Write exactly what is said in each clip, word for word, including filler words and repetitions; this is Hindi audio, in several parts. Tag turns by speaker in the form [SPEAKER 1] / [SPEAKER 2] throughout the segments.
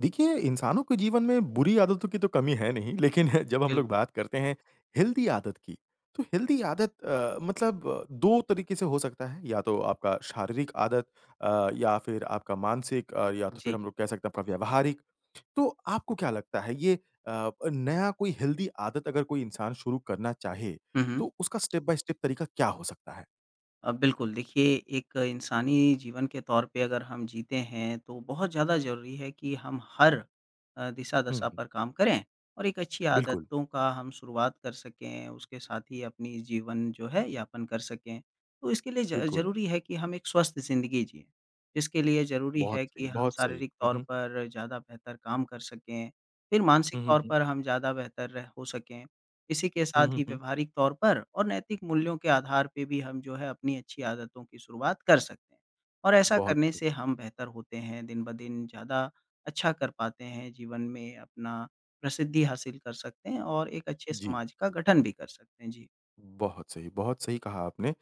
[SPEAKER 1] देखिए, इंसानों के जीवन में बुरी आदतों की तो कमी है नहीं, लेकिन जब हम लोग
[SPEAKER 2] बिल्कुल।
[SPEAKER 1] बात करते हैं, हेल्दी आदत की, तो हेल्दी आदत अ, मतलब अ, दो तरीके से हो सकता है या तो आपका शारीरिक आदत अ, या फिर आपका मानसिक अ, या तो फिर
[SPEAKER 2] जी।
[SPEAKER 1] हम लोग कह सकते हैं आपका व्यावहारिक। तो आपको क्या लगता है ये अ अ, नया कोई हेल्दी आदत अगर कोई इंसान शुरू करना चाहे,
[SPEAKER 2] हुँ, हुँ।
[SPEAKER 1] तो उसका स्टेप बाय स्टेप तरीका क्या हो सकता है?
[SPEAKER 2] अ, बिल्कुल देखिए एक इंसानी जीवन के तौर पे अगर हम जीते हैं तो बहुत ज़्यादा ज़रूरी है कि हम हर अ,
[SPEAKER 1] हुँ,
[SPEAKER 2] दिशा-दशा
[SPEAKER 1] हुँ।
[SPEAKER 2] पर काम करें, और एक अच्छी
[SPEAKER 1] बिल्कुल।
[SPEAKER 2] आदतों का हम शुरुआत कर सकें, उसके साथ ही अपनी जीवन जो है यापन कर सकें। तो इसके लिए ज
[SPEAKER 1] बिल्कुल।
[SPEAKER 2] ज़रूरी है कि हम एक स्वस्थ जिंदगी जिएँ, जिसके लिए ज़रूरी
[SPEAKER 1] बहुत
[SPEAKER 2] है कि
[SPEAKER 1] सही,
[SPEAKER 2] हम
[SPEAKER 1] बहुत सही।
[SPEAKER 2] शारीरिक
[SPEAKER 1] हुँ,
[SPEAKER 2] तौर
[SPEAKER 1] हुँ।
[SPEAKER 2] पर ज़्यादा बेहतर काम कर सकें, फिर मानसिक
[SPEAKER 1] हुँ, हुँ,
[SPEAKER 2] तौर
[SPEAKER 1] हुँ।
[SPEAKER 2] पर हम ज़्यादा बेहतर रह हो सकें। इसी के
[SPEAKER 1] हुँ,
[SPEAKER 2] साथ
[SPEAKER 1] हुँ,
[SPEAKER 2] ही
[SPEAKER 1] हुँ।
[SPEAKER 2] व्यवहारिक तौर पर और नैतिक मूल्यों के आधार पे भी हम जो है अपनी अच्छी आदतों की शुरुआत कर सकते हैं। और ऐसा
[SPEAKER 1] बहुत
[SPEAKER 2] करने से
[SPEAKER 1] सही।
[SPEAKER 2] हम बेहतर होते हैं, दिन-ब-दिन ज़्यादा अच्छा कर पाते हैं, जीवन में अपना प्रसिद्धि हासिल कर सकते हैं और एक अच्छे
[SPEAKER 1] जी।
[SPEAKER 2] समाज का गठन भी कर सकते हैं, जी।
[SPEAKER 1] बहुत सही, बहुत सही कहा आपने। अ,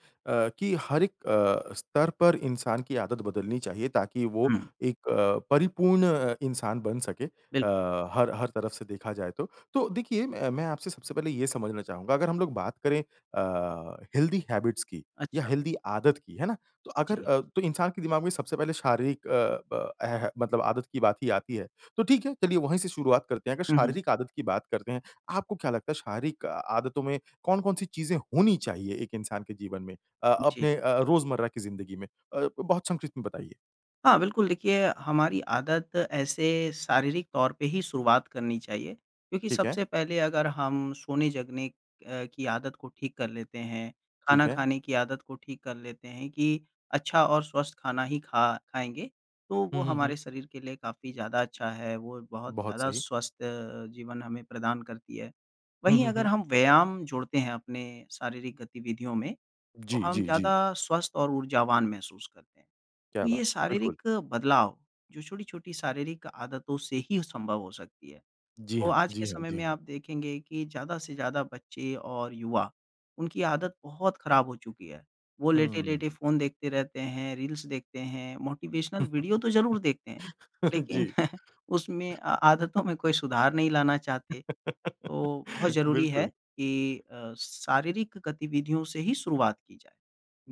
[SPEAKER 1] कि हर एक अ, स्तर पर इंसान की आदत बदलनी चाहिए ताकि वो
[SPEAKER 2] हुँ।
[SPEAKER 1] एक अ, परिपूर्ण अ, इंसान बन सके,
[SPEAKER 2] बिल
[SPEAKER 1] अ, हर हर तरफ से देखा जाए तो। तो देखिए मै मैं आपसे सबसे पहले ये समझना चाहूँगा अगर हम लोग बात करें अ, हेल्दी हैबिट्स की या
[SPEAKER 2] अच्छा।
[SPEAKER 1] हेल्दी आदत की, है ना। तो अगर
[SPEAKER 2] जी।
[SPEAKER 1] अ, तो इंसान के दिमाग में सबसे पहले शारीरिक अ, ब एह मतलब आदत की बात ही आती है। तो ठीक है चलिए वही से शुरुआत करते हैं। अगर
[SPEAKER 2] हुँ, हुँ।
[SPEAKER 1] शारीरिक आदत की बात करते हैं, आपको क्या लगता है शारिक आदतों में कौन कौन-सी चीज़ें होनी चाहिए एक इंसान के जीवन में, अ,
[SPEAKER 2] जी।
[SPEAKER 1] अपने अ अ रोजमर्रा की जिंदगी में? अ, बहुत संक्षिप्त में बताइए?
[SPEAKER 2] हाँ, बिल्कुल। देखिए हमारी आदत ऐसे शारीरिक तौर पे ही शुरुआत करनी चाहिए। क्योंकि
[SPEAKER 1] ठीक है।
[SPEAKER 2] सबसे पहले अगर हम सोने-जगने अ, की आदत को ठीक कर लेते हैं,
[SPEAKER 1] ठीक
[SPEAKER 2] खाना
[SPEAKER 1] है।
[SPEAKER 2] खाने की आदत को ठीक कर लेते हैं, कि अच्छा और स्वस्थ खाना ही खा खाएँगे तो
[SPEAKER 1] हुँ,
[SPEAKER 2] वो
[SPEAKER 1] हुँ, हुँ।
[SPEAKER 2] हमारे शरीर के लिए काफ़ी ज़्यादा अच्छा है, वो बहुत
[SPEAKER 1] बहुत
[SPEAKER 2] ज़्यादा
[SPEAKER 1] सही।
[SPEAKER 2] स्वस्थ अ, जीवन हमें प्रदान करती है।
[SPEAKER 1] हुँ,
[SPEAKER 2] वहीं
[SPEAKER 1] हुँ,
[SPEAKER 2] अगर
[SPEAKER 1] हुँ।
[SPEAKER 2] हम व्यायाम जोड़ते हैं, अपने शारीरिक गतिविधियों में, तो
[SPEAKER 1] जी,
[SPEAKER 2] हम
[SPEAKER 1] जी, जी।
[SPEAKER 2] ज़्यादा स्वस्थ और ऊर्जावान महसूस करते हैं।
[SPEAKER 1] क्या
[SPEAKER 2] तो
[SPEAKER 1] बा
[SPEAKER 2] ये
[SPEAKER 1] बिल्कुल।
[SPEAKER 2] शारीरिक बदलाव जो छोटी-छोटी शारीरिक आदतों से ही संभव हो सकती हैं,
[SPEAKER 1] जी
[SPEAKER 2] तो
[SPEAKER 1] हाँ,
[SPEAKER 2] आज के
[SPEAKER 1] जी हाँ,
[SPEAKER 2] समय
[SPEAKER 1] जी
[SPEAKER 2] में
[SPEAKER 1] हाँ।
[SPEAKER 2] आप देखेंगे कि ज़्यादा से ज़्यादा बच्चे और युवा उनकी आदत बहुत खराब हो चुकी है। वो लेटे-लेटे
[SPEAKER 1] हुँ।
[SPEAKER 2] फ़ोन देखते रहते हैं, रील्स देखते हैं, मोटिवेशनल वीडियो तो ज़रूर देखते हैं, लेकिन
[SPEAKER 1] जी।
[SPEAKER 2] उसमें अ, आदतों में कोई सुधार नहीं लाना चाहते। तो बहुत ज़रूरी है
[SPEAKER 1] बिल्कुल।
[SPEAKER 2] कि अ, शारीरिक गतिविधियों से ही शुरुआत की जाए।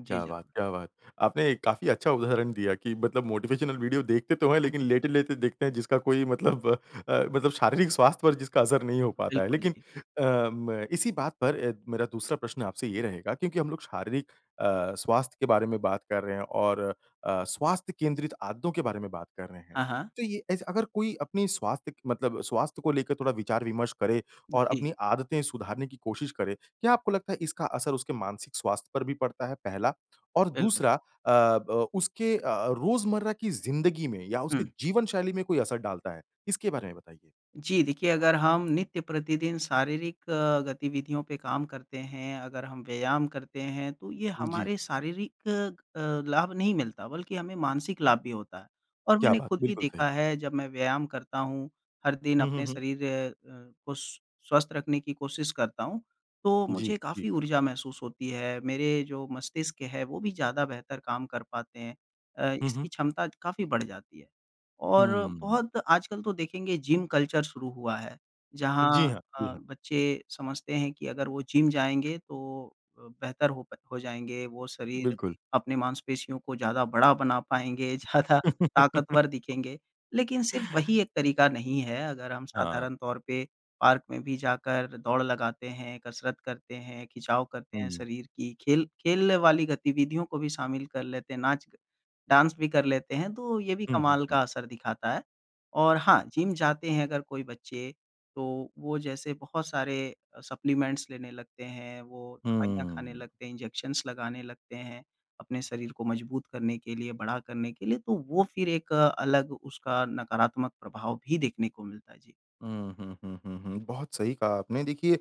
[SPEAKER 2] जी,
[SPEAKER 1] क्या
[SPEAKER 2] ज
[SPEAKER 1] बात, क्या बात! आपने काफ़ी अच्छा उदाहरण दिया कि मतलब मोटिवेशनल वीडियो देखते तो हैं
[SPEAKER 2] हुँ,
[SPEAKER 1] लेकिन
[SPEAKER 2] हुँ।
[SPEAKER 1] लेटे-लेटे देखते हैं जिसका कोई मतलब अ, मतलब शारीरिक स्वास्थ्य पर जिसका असर नहीं हो पाता है।
[SPEAKER 2] बिल्कुल,
[SPEAKER 1] लेकिन
[SPEAKER 2] जी।
[SPEAKER 1] अ, म इसी बात पर अ, मेरा दूसरा प्रश्न आपसे ये रहेगा, क्योंकि हम लोग शारीरिक अ, स्वास्थ्य के बारे में बात कर रहे हैं और अ, स्वास्थ्य केंद्रित आदतों के बारे में बात कर रहे हैं।
[SPEAKER 2] हाँ, हाँ।
[SPEAKER 1] तो ये एज़ अगर कोई अपनी स्वास्थ्य कि मतलब स्वास्थ्य को लेकर थोड़ा विचार-विमर्श करे और
[SPEAKER 2] जी।
[SPEAKER 1] अपनी आदतें सुधारने की कोशिश करे, क्या आपको लगता है इसका असर उसके मानसिक स्वास्थ्य पर भी पड़ता है? पहला और
[SPEAKER 2] बिल्कुल।
[SPEAKER 1] दूसरा अ, ब उसके अ, रोज़मर्रा की ज़िंदगी में या उसके
[SPEAKER 2] हुँ।
[SPEAKER 1] जीवन-शैली में कोई असर डालता है? इसके बारे में बताइए।
[SPEAKER 2] जी देखिए अगर हम नित्य प्रतिदिन शारीरिक अ, गतिविधियों पे काम करते हैं, अगर हम व्यायाम करते हैं तो ये
[SPEAKER 1] जी।
[SPEAKER 2] हमारे शारीरिक अ, लाभ नहीं मिलता बल्कि हमें मानसिक लाभ भी होता है। और
[SPEAKER 1] क्या
[SPEAKER 2] मैंने
[SPEAKER 1] बात।
[SPEAKER 2] खुद भी
[SPEAKER 1] बिल्कुल
[SPEAKER 2] देखा
[SPEAKER 1] सही।
[SPEAKER 2] है जब मैं व्यायाम करता हूँ, हर दिन
[SPEAKER 1] हुँ, हुँ,
[SPEAKER 2] अपने
[SPEAKER 1] हुँ।
[SPEAKER 2] शरीर अ अ, को स स्वस्थ रखने की कोशिश करता हूँ तो
[SPEAKER 1] जी,
[SPEAKER 2] मुझे
[SPEAKER 1] जी।
[SPEAKER 2] काफ़ी ऊर्जा महसूस होती है मेरे जो मस्तिष्क है वो भी ज़्यादा बेहतर काम कर पाते हैं। अ,
[SPEAKER 1] हुँ, हुँ।
[SPEAKER 2] इसकी क्षमता काफ़ी बढ़ जाती है। और
[SPEAKER 1] हुँ।
[SPEAKER 2] बहुत आजकल तो देखेंगे जिम कल्चर शुरू हुआ है।
[SPEAKER 1] जी
[SPEAKER 2] जहाँ
[SPEAKER 1] हाँ। जी
[SPEAKER 2] अ,
[SPEAKER 1] हाँ।
[SPEAKER 2] बच्चे समझते हैं कि अगर वो जिम जाएँगे तो बेहतर हो प हो जाएँगे। वो शरीर
[SPEAKER 1] बिल्कुल।
[SPEAKER 2] अपने मांसपेशियों को ज़्यादा बड़ा बना पाएँगे, ज़्यादा ताकतवर दिखेंगे। लेकिन सिर्फ वही एक तरीका नहीं है। अगर हम
[SPEAKER 1] हाँ।
[SPEAKER 2] साधारण तौर पे पार्क में भी जाकर दौड़ लगाते हैं, कसरत करते हैं, खिंचाव करते हैं
[SPEAKER 1] हुँ।
[SPEAKER 2] शरीर की, खेल खेलने वाली गतिविधियों को भी शामिल कर लेते हैं, नाच के डांस भी कर लेते हैं, तो ये भी
[SPEAKER 1] हुँ, हुँ,
[SPEAKER 2] कमाल
[SPEAKER 1] हुँ।
[SPEAKER 2] का असर दिखाता है। और हाँ, जिम जाते हैं अगर कोई बच्चे, तो वो जैसे बहुत सारे सप्लीमेंट्स लेने लगते हैं, वो दवाइयाँ खाने
[SPEAKER 1] हुँ।
[SPEAKER 2] लगते हैं, इंजेक्शंस लगाने लगते हैं, अपने शरीर को मजबूत करने के लिए, बड़ा करने के लिए। तो वो फिर एक अलग उसका नकारात्मक प्रभाव भी देखने को मिलता है। जी।
[SPEAKER 1] हुँ, हुँ, हुँ, हुँ, हुँ, बहुत सही कहा आपने। देखिए अ,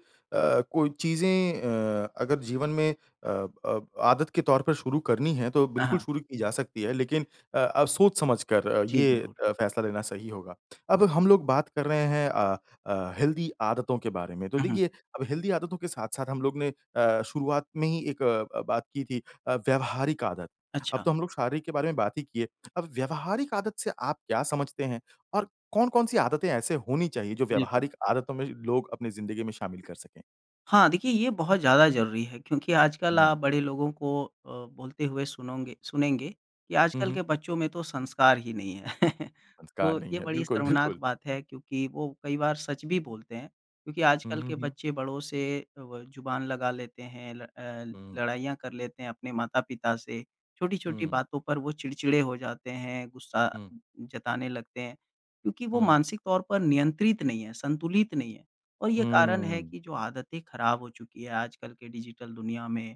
[SPEAKER 1] कोई चीज़ें अ, अगर जीवन में अ अ, आदत के तौर पर शुरू करनी है, तो
[SPEAKER 2] अ,
[SPEAKER 1] बिल्कुल
[SPEAKER 2] हाँ।
[SPEAKER 1] शुरू की जा सकती है। लेकिन अ, अब सोच-समझकर अ,
[SPEAKER 2] जी,
[SPEAKER 1] ये
[SPEAKER 2] बिल्कुल।
[SPEAKER 1] अ, फ़ैसला लेना सही होगा। अब हम लोग बात कर रहे हैं अ अ, हेल्दी आदतों के बारे में, तो
[SPEAKER 2] हुँ, हुँ।
[SPEAKER 1] देखिए, अब हेल्दी आदतों के साथ-साथ हम लोगों ने अ, शुरुआत में ही एक अ, बात की थी अ, व्यावहारिक आदत। अब
[SPEAKER 2] अच्छा।
[SPEAKER 1] तो हम लोग शारीरिक के बारे में बात ही किए। अब व्यावहारिक आदत से आप क्या समझते हैं? और कौन-कौन-सी आदतें ऐसे होनी चाहिए, जो
[SPEAKER 2] बिल्कुल।
[SPEAKER 1] व्यावहारिक आदतों में ज लोग अपनी ज़िंदगी में शामिल कर सकें?
[SPEAKER 2] हाँ, देखिए, ये बहुत ज़्यादा ज़रूरी है, क्योंकि आजकल
[SPEAKER 1] हुँ।
[SPEAKER 2] आप बड़े लोगों को अ, बोलते हुए सुनोंगे सुनेंगे कि
[SPEAKER 1] हुँ,
[SPEAKER 2] आजकल
[SPEAKER 1] हुँ।
[SPEAKER 2] के बच्चों में तो संस्कार ही नहीं हैं।
[SPEAKER 1] संस्कार
[SPEAKER 2] तो
[SPEAKER 1] नहीं
[SPEAKER 2] ये
[SPEAKER 1] हैं,
[SPEAKER 2] बड़ी
[SPEAKER 1] बिल्कुल,
[SPEAKER 2] शर्मनाक
[SPEAKER 1] बिल्कुल।
[SPEAKER 2] बात है, क्योंकि वो कई बार सच भी बोलते हैं, क्योंकि
[SPEAKER 1] हुँ,
[SPEAKER 2] आजकल
[SPEAKER 1] हुँ,
[SPEAKER 2] के
[SPEAKER 1] हुँ।
[SPEAKER 2] बच्चे बड़ों से अव ज़ुबान लगा लेते हैं, ल अ,
[SPEAKER 1] हुँ।
[SPEAKER 2] लड़ाइयाँ कर लेते हैं अपने माता-पिता से, छोटी-छोटी
[SPEAKER 1] हुँ।
[SPEAKER 2] बातों पर वो चिड़चिड़े हो जाते हैं, गुस्सा
[SPEAKER 1] हुँ।
[SPEAKER 2] जताने लगते हैं। क्योंकि वो
[SPEAKER 1] हुँ।
[SPEAKER 2] मानसिक तौर पर नियंत्रित नहीं हैं, संतुलित नहीं हैं और ये कारण है
[SPEAKER 1] हुँ।
[SPEAKER 2] कि जो आदतें खराब हो चुकी हैं आजकल के डिजिटल दुनिया में,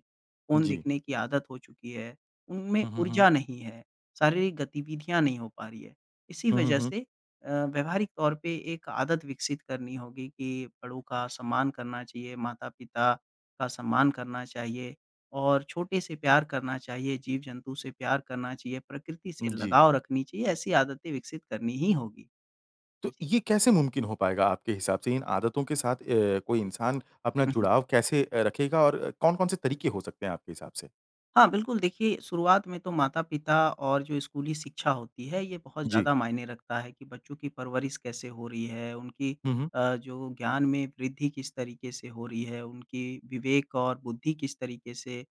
[SPEAKER 2] फ़ोन
[SPEAKER 1] जी।
[SPEAKER 2] देखने की आदत हो चुकी है, उनमें
[SPEAKER 1] हुँ, हुँ, हुँ।
[SPEAKER 2] ऊर्जा नहीं है, शारीरिक गतिविधियाँ नहीं हो पा रही हैं। इसी
[SPEAKER 1] हुँ, हुँ,
[SPEAKER 2] वजह
[SPEAKER 1] हुँ।
[SPEAKER 2] से अ, व्यवहारिक तौर पे एक आदत विकसित करनी होगी कि बड़ों का सम्मान करना चाहिए, माता-पिता का सम्मान करना चाहिए और छोटे से प्यार करना चाहिए, जीव-जंतु से प्यार करना चाहिए, प्रकृति से
[SPEAKER 1] जी।
[SPEAKER 2] लगाव रखनी चाहिए। ऐसी आदतें विकसित करनी ही होंगी।
[SPEAKER 1] तो
[SPEAKER 2] जी।
[SPEAKER 1] ये कैसे मुमकिन हो पाएगा आपके हिसाब से? इन आदतों के साथ अ, कोई इंसान अपना
[SPEAKER 2] हुँ, हुँ।
[SPEAKER 1] जुड़ाव कैसे अ, रखेगा और कौन-कौन से तरीके हो सकते हैं, आपके हिसाब से?
[SPEAKER 2] हाँ, बिल्कुल देखिए शुरुआत में तो माता-पिता और जो स्कूली शिक्षा होती है ये बहुत
[SPEAKER 1] जी।
[SPEAKER 2] ज़्यादा मायने रखता है कि बच्चों की परवरिश कैसे हो रही है? उनकी
[SPEAKER 1] हुँ, हुँ।
[SPEAKER 2] अ, जो वो ज्ञान में वृद्धि किस तरीके से हो रही है, उनकी विवेक और बुद्धि किस तरीके से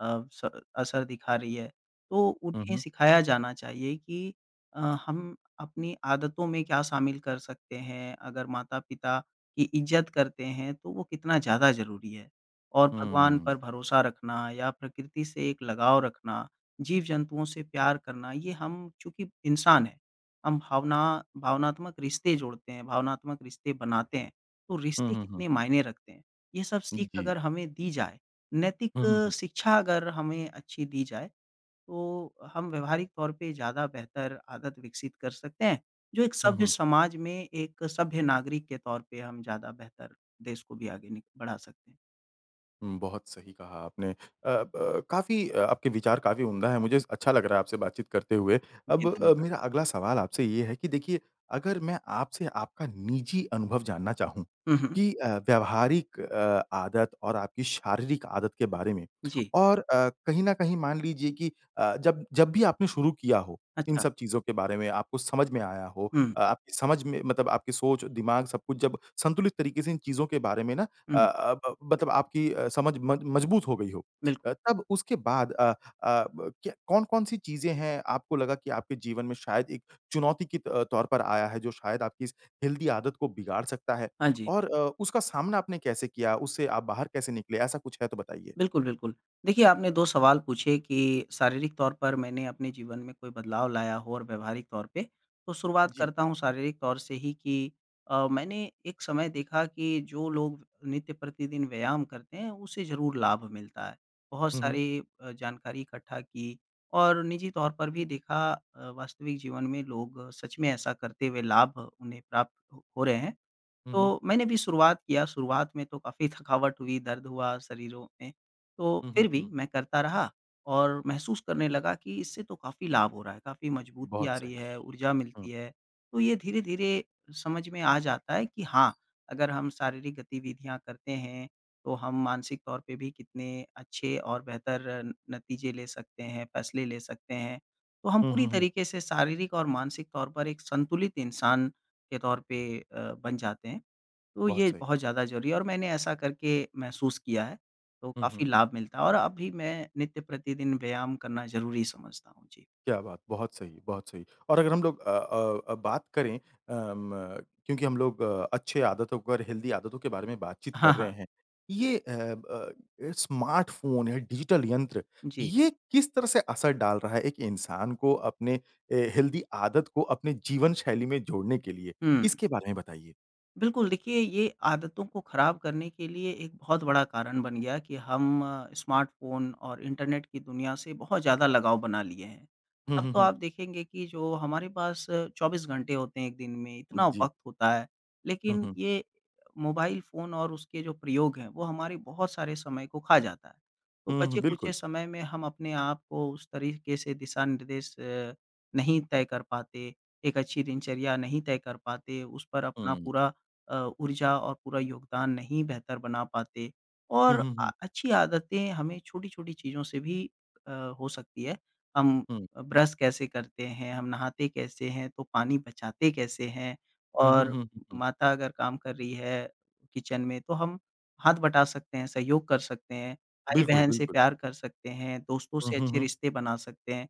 [SPEAKER 2] अ, स असर दिखा रही है। तो
[SPEAKER 1] हुँ,
[SPEAKER 2] उन्हें
[SPEAKER 1] हुँ।
[SPEAKER 2] सिखाया जाना चाहिए कि अ, हम अपनी आदतों में क्या शामिल कर सकते हैं। अगर माता-पिता की इज़्ज़त करते हैं तो वो कितना ज़्यादा ज़रूरी है। और
[SPEAKER 1] हुँ,
[SPEAKER 2] भगवान
[SPEAKER 1] हुँ।
[SPEAKER 2] पर भरोसा रखना या प्रकृति से एक लगाव रखना, जीव-जंतुओं से प्यार करना ये हम चूँकि इंसान है, हम भावना भावनात्मक रिश्ते जोड़ते हैं, भावनात्मक रिश्ते बनाते हैं, तो
[SPEAKER 1] हुँ,
[SPEAKER 2] रिश्ते
[SPEAKER 1] हुँ, हुँ।
[SPEAKER 2] कितने मायने रखते हैं। ये सब सीख अगर
[SPEAKER 1] जी।
[SPEAKER 2] हमें दी जाए,
[SPEAKER 1] हुँ, हुँ,
[SPEAKER 2] नैतिक
[SPEAKER 1] हुँ।
[SPEAKER 2] शिक्षा अगर हमें अच्छी दी जाए तो हम व्यावहारिक तौर पे ज़्यादा बेहतर आदत विकसित कर सकते हैं। जो एक
[SPEAKER 1] हुँ,
[SPEAKER 2] सभ्य
[SPEAKER 1] हुँ।
[SPEAKER 2] समाज में, एक सभ्य नागरिक के तौर पे हम ज़्यादा बेहतर देश को भी आगे नि बढ़ा सकते हैं।
[SPEAKER 1] हुँ, बहुत सही कहा आपने। अ, ब काफ़ी अ, आपके विचार काफ़ी उम्दा है। मुझे इस अच्छा लग रहा है आपसे बातचीत करते हुए। अब
[SPEAKER 2] जी,
[SPEAKER 1] अ,
[SPEAKER 2] धन्यवाद।
[SPEAKER 1] मेरा अगला सवाल आपसे ये है कि देखिए अगर मैं आपसे आपका निजी अनुभव जानना चाहूँ
[SPEAKER 2] हुँ, हुँ।
[SPEAKER 1] कि अ, व्यावहारिक अ, आदत और आपकी शारीरिक आदत के बारे में।
[SPEAKER 2] जी।
[SPEAKER 1] और अ, कहीं न कहीं मान लीजिए कि अ, जब जब भी आपने शुरू किया हो। इन
[SPEAKER 2] अच्छा।
[SPEAKER 1] सब चीज़ों के बारे में आपको समझ में आया हो।
[SPEAKER 2] हुँ, हुँ।
[SPEAKER 1] अ, आपकी समझ में मतलब आपकी सोच, दिमाग सब कुछ जब संतुलित तरीके से इन चीज़ों के बारे में ना अ
[SPEAKER 2] हुँ।
[SPEAKER 1] अ, ब मतलब आपकी समझ अ, मज मज़बूत हो गई हो।
[SPEAKER 2] बिल्कुल।
[SPEAKER 1] अ, तब उसके बाद अ अ, ब क्य कौन-कौन सी चीज़ें हैं आपको लगा कि आपके जीवन में शायद एक चुनौती के त अ, तौर पर आया है। जो शायद आपकी इस हेल्थी आदत को बिगाड़ सकता है
[SPEAKER 2] हाँ जी।
[SPEAKER 1] और अ, उसका सामना आपने कैसे किया? उससे आप बाहर कैसे निकले? ऐसा कुछ है तो बताइए।
[SPEAKER 2] बिल्कुल, बिल्कुल। देखिए, आपने दो सवाल पूछे कि शारीरिक तौर पर मैंने अपने जीवन में कोई बदलाव लाया हो और व्यावहारिक तौर पे। तो शुरुआत
[SPEAKER 1] जी।
[SPEAKER 2] करता हूँ शारीरिक तौर से ही कि अ, मैंने एक समय देखा कि जो लोग नित्य प्रतिदिन व्यायाम करते हैं, उसे ज़रूर लाभ मिलता है। बहुत
[SPEAKER 1] हुँ, हुँ।
[SPEAKER 2] सारी अ, जानकारी इकट्ठा की और निजी तौर पर भी देखा अ, वास्तविक जीवन में, लोग सच में ऐसा करते हुए लाभ उन्हें प्राप्त हो रहे हैं।
[SPEAKER 1] हुँ, हुँ।
[SPEAKER 2] तो मैंने भी शुरुआत किया, शुरुआत में तो काफ़ी थकावट हुई, दर्द हुआ शरीरों में। तो
[SPEAKER 1] हुँ, हुँ,
[SPEAKER 2] फ़िर भी
[SPEAKER 1] हुँ।
[SPEAKER 2] मैं करता रहा और महसूस करने लगा कि, इससे तो काफ़ी लाभ हो रहा है, काफ़ी मज़बूती
[SPEAKER 1] बहुत
[SPEAKER 2] आ रही
[SPEAKER 1] सही।
[SPEAKER 2] है, ऊर्जा
[SPEAKER 1] हुँ।
[SPEAKER 2] मिलती है। तो ये धीरे-धीरे समझ में आ जाता है कि हाँ, अगर हम शारीरिक गतिविधियाँ करते हैं, तो हम मानसिक तौर पे भी कितने अच्छे और बेहतर न नतीजे ले सकते हैं, फ़ैसले ले सकते हैं। तो हम
[SPEAKER 1] हुँ,
[SPEAKER 2] पूरी
[SPEAKER 1] हुँ, हुँ।
[SPEAKER 2] तरीके से शारीरिक और मानसिक तौर पर एक संतुलित इंसान के तौर पे अ, बन जाते हैं। तो
[SPEAKER 1] बहुत
[SPEAKER 2] ये
[SPEAKER 1] सही।
[SPEAKER 2] बहुत ज़्यादा ज़रूरी है और मैंने ऐसा करके महसूस किया है। तो
[SPEAKER 1] हुँ, हुँ।
[SPEAKER 2] काफ़ी लाभ मिलता है और अब भी मैं नित्य प्रतिदिन व्यायाम करना ज़रूरी समझता हूँ। जी।
[SPEAKER 1] क्या बात! बहुत सही, बहुत सही। और अगर हम लोग अ अ अ, बात करें अ म क्योंकि हम लोग अच्छे आदतों पर, हेल्थी आदतों के बारे में बातचीत
[SPEAKER 2] हाँ,
[SPEAKER 1] कर रहे
[SPEAKER 2] हाँ।
[SPEAKER 1] हैं। ये अ अ, स्मार्ट फ़ोन या डिजिटल यंत्र,
[SPEAKER 2] जी।
[SPEAKER 1] ये किस तरह से असर डाल रहा है एक इंसान को अपने ए, हेल्थी आदत को अपने जीवन शैली में जोड़ने के लिए।
[SPEAKER 2] हुँ, हुँ।
[SPEAKER 1] इसके बारे में बताइए?
[SPEAKER 2] बिल्कुल, देखिए ये आदतों को ख़राब करने के लिए एक बहुत बड़ा कारण बन गया कि हम स्मार्टफोन और इंटरनेट की दुनिया से बहुत ज़्यादा लगाव बना लिए हैं।
[SPEAKER 1] हुँ,
[SPEAKER 2] अब
[SPEAKER 1] हुँ,
[SPEAKER 2] तो
[SPEAKER 1] हुँ।
[SPEAKER 2] आप देखेंगे कि जो हमारे पास चौबीस घंटे होते हैं एक दिन में,
[SPEAKER 1] अ,
[SPEAKER 2] इतना
[SPEAKER 1] जी।
[SPEAKER 2] वक़्त होता है,
[SPEAKER 1] हुँ,
[SPEAKER 2] लेकिन
[SPEAKER 1] हुँ।
[SPEAKER 2] ये मोबाइल फ़ोन और उसके जो प्रयोग हैं, वो हमारे बहुत सारे समय को खा जाता है। तो
[SPEAKER 1] हुँ, हुँ,
[SPEAKER 2] बचे-खुचे
[SPEAKER 1] बिल्कुल।
[SPEAKER 2] समय में हम अपने आप को उस तरीक़े से दिशानिर्देश अ, नहीं तय कर पाते, एक अच्छी दिनचर्या नहीं तय कर पाते, उस पर अपना
[SPEAKER 1] हुँ।
[SPEAKER 2] पूरा अ, ऊर्जा और पूरा योगदान नहीं बेहतर बना पाते।
[SPEAKER 1] हुँ,
[SPEAKER 2] और
[SPEAKER 1] हुँ,
[SPEAKER 2] अ,
[SPEAKER 1] हुँ।
[SPEAKER 2] अच्छी आदतें हमें छोटी-छोटी चीज़ों से भी अ, हो सकती है, हम
[SPEAKER 1] हुँ।
[SPEAKER 2] ब्रश कैसे करते हैं? हम नहाते कैसे हैं? तो पानी बचाते कैसे हैं?
[SPEAKER 1] हुँ, हुँ,
[SPEAKER 2] और
[SPEAKER 1] हुँ, हुँ, हुँ।
[SPEAKER 2] माता अगर काम कर रही है किचन में तो हम हाथ बटा सकते हैं, सहयोग कर सकते हैं,
[SPEAKER 1] बिल्कुल,
[SPEAKER 2] भाई-बहन से
[SPEAKER 1] बिल्कुल।
[SPEAKER 2] प्यार कर सकते हैं, दोस्तों
[SPEAKER 1] हुँ,
[SPEAKER 2] से
[SPEAKER 1] हुँ,
[SPEAKER 2] अच्छे
[SPEAKER 1] हुँ।
[SPEAKER 2] रिश्ते बना सकते हैं।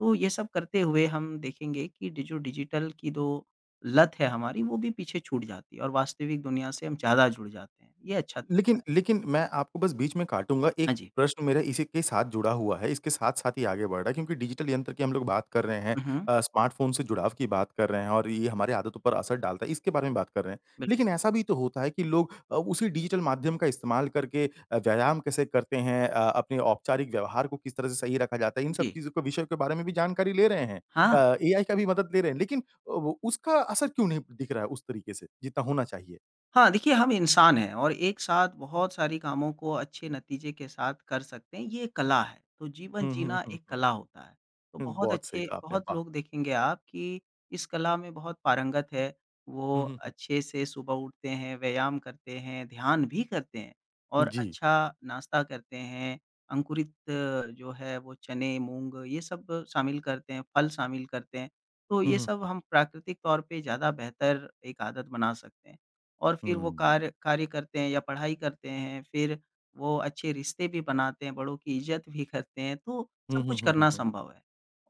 [SPEAKER 2] तो ये सब करते हुए हम देखेंगे कि डि जो डिजिटल की जो लत है हमारी वो भी पीछे छूट जाती है और वास्तविक दुनिया से हम ज़्यादा जुड़ जाते हैं। ये अच्छा तरीक़ा
[SPEAKER 1] लेकिन
[SPEAKER 2] है।
[SPEAKER 1] लेकिन मैं आपको बस बीच में काटूँगा, एक
[SPEAKER 2] हाँ जी।
[SPEAKER 1] प्रश्न मेरा इसी के साथ जुड़ा हुआ है। इसके साथ-साथ ही आगे बढ़ रहा है क्योंकि डिजिटल यंत्र की हम लोग बात कर रहे हैं
[SPEAKER 2] हुँ, हुँ।
[SPEAKER 1] अ, स्मार्टफ़ोन से जुड़ाव की बात कर रहे हैं और ये हमारी आदतों पर असर डालता है, इसके बारे में बात कर रहे हैं।
[SPEAKER 2] बिल
[SPEAKER 1] लेकिन ऐसा भी तो होता है कि लोग अ, उसी डिजिटल माध्यम का इस्तेमाल करके अ, व्यायाम कैसे करते हैं? अ, अपने औपचारिक व्यवहार को किस तरह से सही रखा जाता है, इन सब
[SPEAKER 2] जी।
[SPEAKER 1] चीज़ों के विषयों के बारे में भी जानकारी ले रहे हैं।
[SPEAKER 2] हाँ।
[SPEAKER 1] अ, एआई का भी मदद ले रहे हैं। लेकिन अ, वो उसका असर क्यों नहीं दिख रहा है उस तरीक़े से जितना होना चाहिए?
[SPEAKER 2] हाँ, देखिए हम इंसान हैं और एक साथ बहुत सारी कामों को अच्छे नतीज़े के साथ कर सकते हैं ये एक कला है, तो जीवन
[SPEAKER 1] हुँ, हुँ,
[SPEAKER 2] जीना
[SPEAKER 1] हुँ,
[SPEAKER 2] एक
[SPEAKER 1] हुँ।
[SPEAKER 2] कला होता है, तो
[SPEAKER 1] हुँ,
[SPEAKER 2] बहुत
[SPEAKER 1] बहुत सही
[SPEAKER 2] अच्छे
[SPEAKER 1] कहा आपने,
[SPEAKER 2] बहुत
[SPEAKER 1] वाह!
[SPEAKER 2] लोग देखेंगे आप की इस कला में बहुत पारंगत है, वो
[SPEAKER 1] हुँ, हुँ, हुँ।
[SPEAKER 2] अच्छे से सुबह उठते हैं, व्यायाम करते हैं, ध्यान भी करते हैं
[SPEAKER 1] उ,
[SPEAKER 2] और
[SPEAKER 1] जी।
[SPEAKER 2] अच्छा नाश्ता करते हैं, अंकुरित जो है वो चने, मूँग ये सब शामिल करते हैं फल शामिल करते हैं, तो
[SPEAKER 1] हुँ,
[SPEAKER 2] ये
[SPEAKER 1] हुँ।
[SPEAKER 2] सब हम प्राकृतिक तौर पे ज़्यादा बेहतर एक आदत बना सकते हैं। और फिर वो
[SPEAKER 1] हुँ।
[SPEAKER 2] कार्य कार्य करते हैं या पढ़ाई करते हैं फिर वो अच्छे रिश्ते भी बनाते हैं बड़ों की इज़्ज़त भी करते हैं तो
[SPEAKER 1] हुँ,
[SPEAKER 2] सब
[SPEAKER 1] हुँ,
[SPEAKER 2] कुछ
[SPEAKER 1] हुँ, हुँ,
[SPEAKER 2] करना
[SPEAKER 1] हुँ।
[SPEAKER 2] संभव है,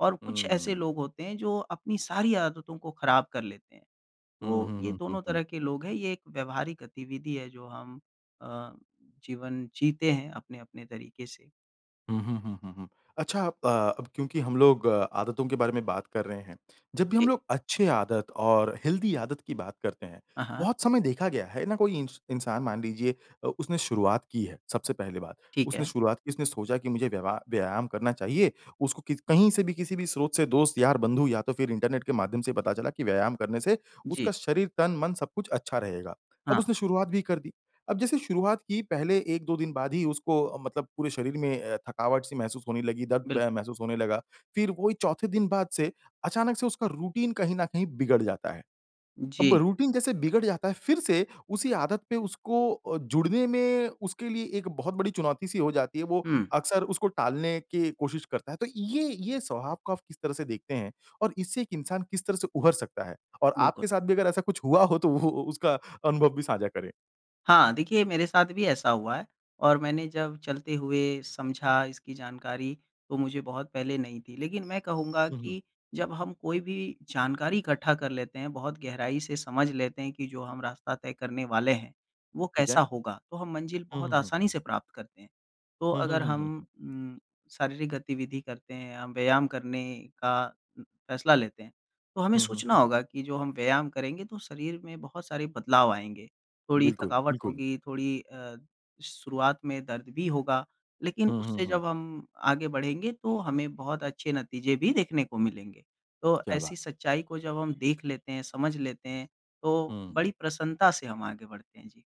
[SPEAKER 2] और कुछ
[SPEAKER 1] हुँ,
[SPEAKER 2] ऐसे
[SPEAKER 1] हुँ।
[SPEAKER 2] लोग होते हैं जो अपनी सारी आदतों को ख़राब कर लेते हैं,
[SPEAKER 1] हुँ,
[SPEAKER 2] तो
[SPEAKER 1] हुँ,
[SPEAKER 2] ये
[SPEAKER 1] हुँ, हुँ,
[SPEAKER 2] दोनों
[SPEAKER 1] हुँ।
[SPEAKER 2] तरह के लोग हैं ये एक व्यवहारिक गतिविधि है जो हम अ, जीवन जीते हैं अपने-अपने तरीक़े से।
[SPEAKER 1] हुँ, हुँ, हुँ, हुँ, हुँ, अच्छा आप क्योंकि हम लोग आदतों के बारे में बात कर रहे हैं। जब भी
[SPEAKER 2] जी।
[SPEAKER 1] हम लोग अच्छी आदत और हेल्दी आदत की बात करते हैं,
[SPEAKER 2] हाँ, हाँ।
[SPEAKER 1] बहुत समय देखा गया, है ना? कोई इन इंसान मान लीजिए अ, उसने शुरुआत की है सबसे पहली बात
[SPEAKER 2] ठीक
[SPEAKER 1] उसने
[SPEAKER 2] है।
[SPEAKER 1] शुरुआत की, उसने सोचा की मुझे व्यवहार व्यायाम करना चाहिए, उसको किसी कहीं से भी किसी भी स्रोत से दोस्त यार बंधू या तो फिर इंटरनेट के माध्यम से पता चला कि व्यायाम करने से, उसका
[SPEAKER 2] जी।
[SPEAKER 1] शरीर तन, मन सब कुछ अच्छा रहेगा। अब
[SPEAKER 2] हाँ।
[SPEAKER 1] उसने शुरुआत भी कर दी अब जैसे शुरुआत की पहले एक दो दिन बाद ही उसको मतलब पूरे शरीर में अ, थकावट सी महसूस होने लगी, दर्द
[SPEAKER 2] बिल्कुल।
[SPEAKER 1] म महसूस होने लगा, फिर वही चौथे दिन बाद से अचानक से उसका रूटीन कहीं न कहीं बिगड़ जाता है। अब
[SPEAKER 2] जी।
[SPEAKER 1] रूटीन जैसे बिगड़ जाता है फिर से, उसी आदत पे उसको अ, जुड़ने में उसके लिए एक बहुत बड़ी चुनौती सी हो जाती है, वो
[SPEAKER 2] हुँ।
[SPEAKER 1] अक्सर उसको टालने की कोशिश करता है। तो ये ये स्वभाव को आप किस तरह से देखते हैं? और इससे एक इंसान किस तरह से उभर सकता है? और
[SPEAKER 2] बिल्कुल।
[SPEAKER 1] आपके साथ भी अगर ऐसा कुछ हुआ हो तो वो उसका अनुभव भी साझा करें।
[SPEAKER 2] हाँ, देखिए मेरे साथ भी ऐसा हुआ है और मैंने जब चलते हुए समझा इसकी जानकारी तो मुझे बहुत पहले नहीं थी। लेकिन मैं कहूँगा
[SPEAKER 1] हुँ, हुँ।
[SPEAKER 2] कि जब हम कोई भी जानकारी इकट्ठा कर लेते हैं, बहुत गहराई से समझ लेते हैं कि जो हम रास्ता तय करने वाले हैं, वो
[SPEAKER 1] ठीक
[SPEAKER 2] कैसा
[SPEAKER 1] है।
[SPEAKER 2] होगा? तो हम मंजिल
[SPEAKER 1] हुँ,
[SPEAKER 2] बहुत
[SPEAKER 1] हुँ, हुँ।
[SPEAKER 2] आसानी से प्राप्त करते हैं। तो
[SPEAKER 1] हुँ, हुँ,
[SPEAKER 2] अगर
[SPEAKER 1] हुँ,
[SPEAKER 2] हम
[SPEAKER 1] हुँ, हुँ।
[SPEAKER 2] उम, शारीरिक गतिविधि करते हैं या व्यायाम करने का फैसला लेते हैं, तो हमें
[SPEAKER 1] हुँ, हुँ।
[SPEAKER 2] सोचना होगा कि जो हम व्यायाम करेंगे तो शरीर में बहुत सारे बदलाव आएँगे, थोड़ी
[SPEAKER 1] बिल्कुल,
[SPEAKER 2] थकावट
[SPEAKER 1] बिल्कुल।
[SPEAKER 2] होगी, थोड़ी अ, शुरुआत में दर्द भी होगा, लेकिन
[SPEAKER 1] हुँ, हुँ,
[SPEAKER 2] उससे
[SPEAKER 1] हुँ।
[SPEAKER 2] जब हम आगे बढ़ेंगे तो हमें बहुत अच्छे नतीजे भी देखने को मिलेंगे। तो
[SPEAKER 1] क्या बात!
[SPEAKER 2] ऐसी सच्चाई को जब हम देख लेते हैं, समझ लेते हैं, तो
[SPEAKER 1] हुँ।
[SPEAKER 2] बड़ी प्रसन्नता से हम आगे बढ़ते हैं, जी।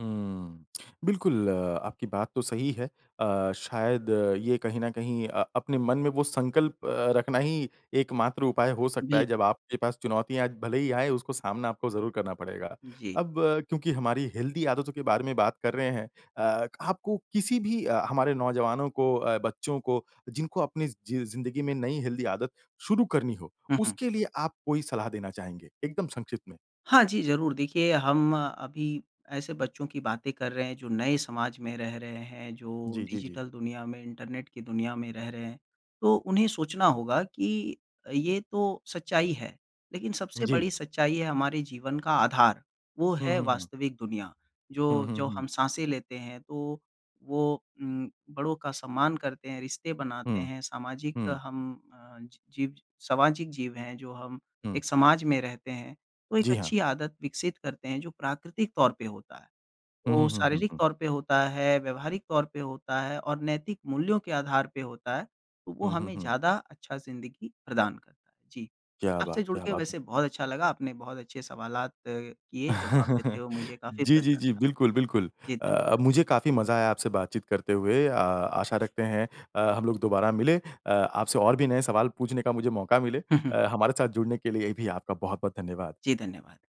[SPEAKER 1] हुँ। बिल्कुल आपकी बात तो सही है। अ, शायद ये कहीं न कहीं अ, अपने मन में वो संकल्प अ, रखना ही एक मात्र उपाय हो सकता है जब
[SPEAKER 2] बिल्कुल।
[SPEAKER 1] आपके पास चुनौतियाँ भले ही आए उसको सामना आपको ज़रूर करना पड़ेगा।
[SPEAKER 2] जी।
[SPEAKER 1] अब क्योंकि हमारी हेल्दी आदतों के बारे में बात कर रहे हैं अ, आपको किसी भी हमारे नौजवानों को अ, बच्चों को जिनको अपनी ज़ जि अ, ज़िन्दगी में नयी हेल्दी आदत शुरू करनी हो,
[SPEAKER 2] हुँ, हुँ।
[SPEAKER 1] उसके लिए आप कोई सलाह देना चाहेंगे? एकदम संक्षिप्त में।
[SPEAKER 2] हाँ जी, ज़रूर देखिए हम अभी ऐसे बच्चों की बातें कर रहे हैं, जो नए समाज में रह रहे हैं, जो
[SPEAKER 1] जी, जी, जी।
[SPEAKER 2] डिजिटल दुनिया में, इंटरनेट की दुनिया में रह रहे हैं। तो उन्हें सोचना होगा कि ये तो सच्चाई है, लेकिन सबसे
[SPEAKER 1] जी।
[SPEAKER 2] बड़ी सच्चाई है हमारे जीवन का आधार। वो
[SPEAKER 1] हुँ,
[SPEAKER 2] है
[SPEAKER 1] हुँ, हुँ।
[SPEAKER 2] वास्तविक दुनिया,
[SPEAKER 1] हुँ,
[SPEAKER 2] जो
[SPEAKER 1] हुँ,
[SPEAKER 2] जो
[SPEAKER 1] हुँ।
[SPEAKER 2] हम साँसें लेते हैं तो वो उम, बड़ों का सम्मान करते हैं, रिश्ते बनाते
[SPEAKER 1] हुँ।
[SPEAKER 2] हैं, सामाजिक
[SPEAKER 1] हुँ।
[SPEAKER 2] हम अ, जीव सामाजिक जीव हैं जो हम
[SPEAKER 1] हुँ।
[SPEAKER 2] एक समाज में रहते हैं। तो एक
[SPEAKER 1] जी हाँ।
[SPEAKER 2] अच्छी आदत विकसित करते हैं जो प्राकृतिक तौर पे होता है,
[SPEAKER 1] हुँ,
[SPEAKER 2] ओ,
[SPEAKER 1] हुँ, हुँ, हुँ,
[SPEAKER 2] शारीरिक
[SPEAKER 1] हुँ।
[SPEAKER 2] तौर पे होता है, व्यावहारिक तौर पे होता है और नैतिक मूल्यों के आधार पे होता है, तो वो
[SPEAKER 1] हुँ, हुँ,
[SPEAKER 2] हमें
[SPEAKER 1] हुँ।
[SPEAKER 2] ज़्यादा अच्छा ज़िंदगी प्रदान करता है, जी,
[SPEAKER 1] क्या बात
[SPEAKER 2] आपसे जुड़
[SPEAKER 1] क्या
[SPEAKER 2] के
[SPEAKER 1] बात।
[SPEAKER 2] वैसे बहुत अच्छा लगा। आपने बहुत अच्छे सवालात अ, किए, जवाब देते हुए मुझे काफ़ी
[SPEAKER 1] जी, जी, जी,
[SPEAKER 2] प्रसन्नता
[SPEAKER 1] बिल्कुल, बिल्कुल।
[SPEAKER 2] जी,
[SPEAKER 1] अ,
[SPEAKER 2] धन्यवाद।
[SPEAKER 1] मुझे काफ़ी मज़ा आया आपसे बातचीत करते हुए। अ, आशा रखते हैं अ, हम लोग दोबारा मिलें, अ, आपसे और भी नए सवाल पूछने का मुझे मौका मिले।
[SPEAKER 2] हुँ, हुँ।
[SPEAKER 1] अ, हमारे साथ जुड़ने के लिए भी आपका बहुत-बहुत धन्यवाद।
[SPEAKER 2] जी, धन्यवाद।